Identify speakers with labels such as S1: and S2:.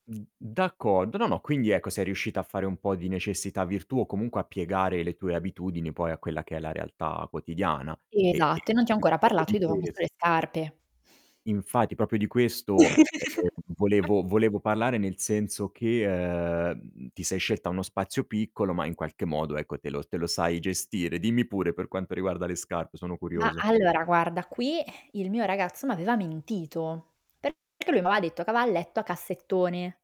S1: N d'accordo. No, no, quindi ecco sei riuscita a fare un po' di necessità virtù, o comunque a piegare le tue abitudini poi a quella che è la realtà quotidiana. E e
S2: Esatto, e non ti ho
S1: proprio
S2: ancora
S1: proprio
S2: parlato
S1: di
S2: di dove ho messo
S1: ques
S2: le scarpe.
S1: infatti, proprio di questo, ehm, volevo volevo parlare nel senso che, ehm, ti sei scelta uno spazio piccolo, ma in qualche modo, ecco, te lo s te lo sai gestire. Dimmi pure per quanto riguarda le scarpe, sono
S2: Mah,
S1: curioso.
S2: allora guarda qui il mio ragazzo m'aveva mentito, perché lui m'aveva detto che aveva il letto a cassettone.